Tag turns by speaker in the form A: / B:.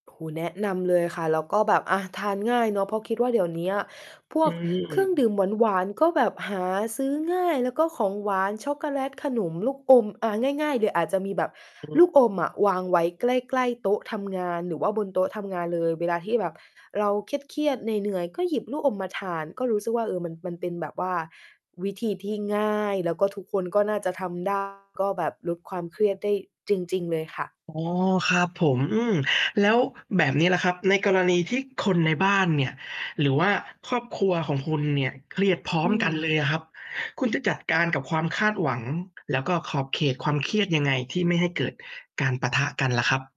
A: โอ้โฮ แนะนำเลยค่ะ แล้วก็แบบ อะ ทานง่ายเนาะ เพราะคิดว่า เดี๋ยวเนี้ยพ
B: อ
A: ว
B: ื
A: กเครื่องด
B: ม
A: ื่มหวาน ๆ ก็แบบหาซื้อง่าย แล้วก็ของหวาน ช็อกโกแลต ขนม ลูกอม อะ ง่าย ๆ เลยอาจจะมีแบบ
B: อือฮ
A: ล
B: ึ
A: ูกอมอะวางไว้ใกล้ ๆ โต๊ะทำงาน หรือว่าบนโต๊ะทำงานเลย เวลาที่แบบเราเครียด ๆ เหนื่อย ๆ ก็หยิบลูกอมมาทาน ก็รู้สึกว่า เออ มัน มันเป็นแบบว่า วิธีที่ง่าย แล้วก็ทุกคนก็น่าจะทำ ได้ ก็แบบลดความเครียดได้จริง ๆ เลยค่ะ
B: อ๋อ ครับผม อืม แล้วแบบนี้ล่ะครับ ในกรณีที่คนในบ้านเนี่ยหรือว่าครอบครัวของคุณเนี่ย เครียดพร้อ
A: อื
B: มกัน
A: ม
B: เลยอะครับ คุณจะจัดการกับความคาดหวัง แล้วก็ขอบเขตความเครียดยังไง? ที่ไม่ให้เกิดการปะทะกันล่ะครับ